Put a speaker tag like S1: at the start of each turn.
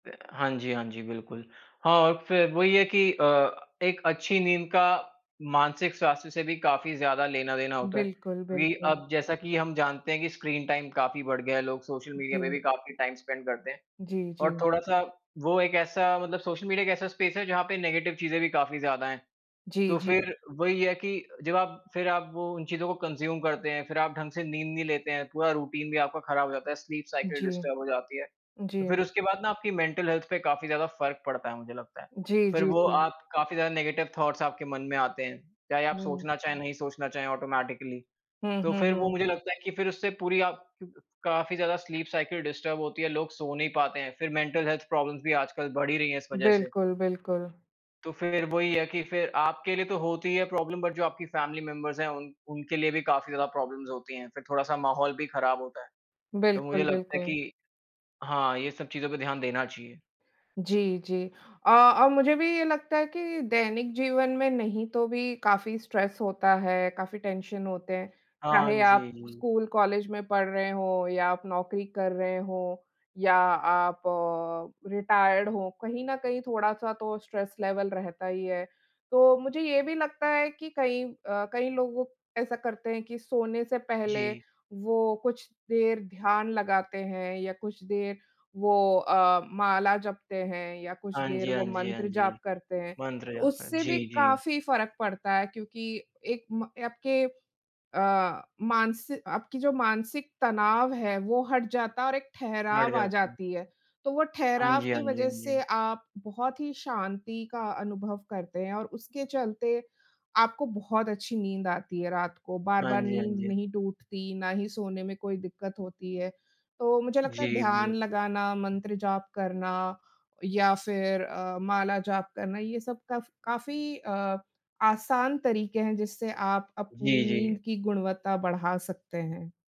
S1: हाँ जी, हाँ जी, बिल्कुल। हाँ, और फिर वही है कि अ, एक अच्छी नींद का मानसिक स्वास्थ्य से भी काफ़ी ज़्यादा लेना देना होता है।
S2: बिल्कुल,
S1: अभी
S2: बिल्कुल।
S1: अब जैसा कि हम जानते हैं कि स्क्रीन टाइम काफ़ी बढ़ गया है, लोग सोशल मीडिया पे भी
S2: जी।
S1: काफ़ी टाइम स्पेंड करते हैं।
S2: जी,
S1: और
S2: जी।
S1: थोड़ा-सा वो एक ऐसा मतलब सोशल मीडिया एक ऐसा स्पेस है जहाँ पे नेगेटिव चीज़े भी काफ़ी ज़्यादा हैं।
S2: जी,
S1: तो
S2: जी।
S1: फिर वही है कि जब आप फिर आप वो उन चीज़ों को कंज़्यूम करते हैं, फिर आप ढंग से नींद नहीं लेते हैं, पूरा रूटीन भी आपका ख़राब हो जाता है, स्लीप साइकिल
S2: जी।
S1: डिस्टर्ब हो जाती है।
S2: जी।
S1: तो फिर उसके बाद ना आपकी मेंटल हेल्थ पे काफ़ी ज़्यादा फ़र्क पड़ता है, मुझे लगता है।
S2: जी,
S1: फिर
S2: जी,
S1: वो
S2: जी।
S1: आप काफ़ी ज़्यादा नेगेटिव थॉट्स आपके मन में आते हैं, चाहे आप
S2: हुँ।
S1: सोचना चाहें या नहीं सोचना चाहें ऑटोमैटिकली।
S2: हुँ,
S1: तो
S2: हुँ,
S1: फिर वो
S2: हुँ।
S1: मुझे लगता है कि फिर उससे पूरी आप काफ़ी ज़्यादा स्लीप साइकिल डिस्टर्ब होती है, लोग सो नहीं पाते हैं। फिर मेंटल हेल्थ प्रॉब्लम्स भी आजकल बढ़ ही रही हैं इस वज़ह से।
S2: बिल्कुल, बिल्कुल।
S1: तो फिर वही है कि फिर आपके लिए तो होती है प्रॉब्लम बट जो आपकी फैमिली मेंबर्स हैं उन उनके लिए भी काफ़ी ज़्यादा प्रॉब्लम्स होती हैं। फिर थोड़ा सा माहौल भी ख़राब होता है। तो मुझे
S2: बिल्कुल,
S1: लगता है
S2: बिल्कुल।
S1: कि हाँ, ये सब चीज़ों पे ध्यान देना चाहिए।
S2: जी, जी। अ, और मुझे भी ये लगता है कि दैनिक जीवन में नहीं तो भी काफ़ी स्ट्रेस होता है, काफ़ी टेंशन होते हैं।
S1: हाँ
S2: चाहे आप
S1: जी।
S2: स्कूल, कॉलेज में पढ़ रहे हों या आप नौकरी कर रहे हों या आप रिटायर्ड हों, कहीं न कहीं थोड़ा-सा तो स्ट्रेस लेवल रहता ही है। तो मुझे ये भी लगता है कि कई अ, कई लोग ऐसा करते हैं कि सोने से पहले
S1: जी।
S2: वो कुछ देर ध्यान लगाते हैं या कुछ देर वो अ, माला जपते हैं या कुछ
S1: हाँ
S2: देर
S1: जी, हाँ
S2: वो
S1: जी, हाँ
S2: मंत्र
S1: जी।
S2: जाप करते हैं।
S1: मंत्र या
S2: उससे
S1: जी,
S2: भी
S1: जी।
S2: काफ़ी फ़र्क पड़ता है क्योंकि एक म आपके अ, मानसि आपकी जो मानसिक तनाव है वो हट जाता है और एक
S1: हट
S2: ठहराव आ
S1: जाते हैं।
S2: जाती है। तो वो
S1: हाँ
S2: ठहराव
S1: जी,
S2: की
S1: हाँ जी,
S2: वज़ह
S1: हाँ
S2: से
S1: जी।
S2: आप बहुत ही शांति का अनुभव करते हैं और उसके चलते आपको बहुत अच्छी नींद आती है। रात को
S1: हाँ
S2: बार-बार
S1: जी, हाँ
S2: नींद
S1: जी।
S2: नहीं टूटती, ना ही सोने में कोई दिक्कत होती है। तो मुझे लगता
S1: जी
S2: है ध्यान
S1: बिल्कुल।
S2: लगाना, मंत्र जाप करना या फिर अ, माला जाप करना ये सब काफ काफ़ी अ, आसान तरीक़े हैं, जिससे आप अपनी
S1: जी, जी।
S2: नींद की गुणवत्ता बढ़ा सकते हैं।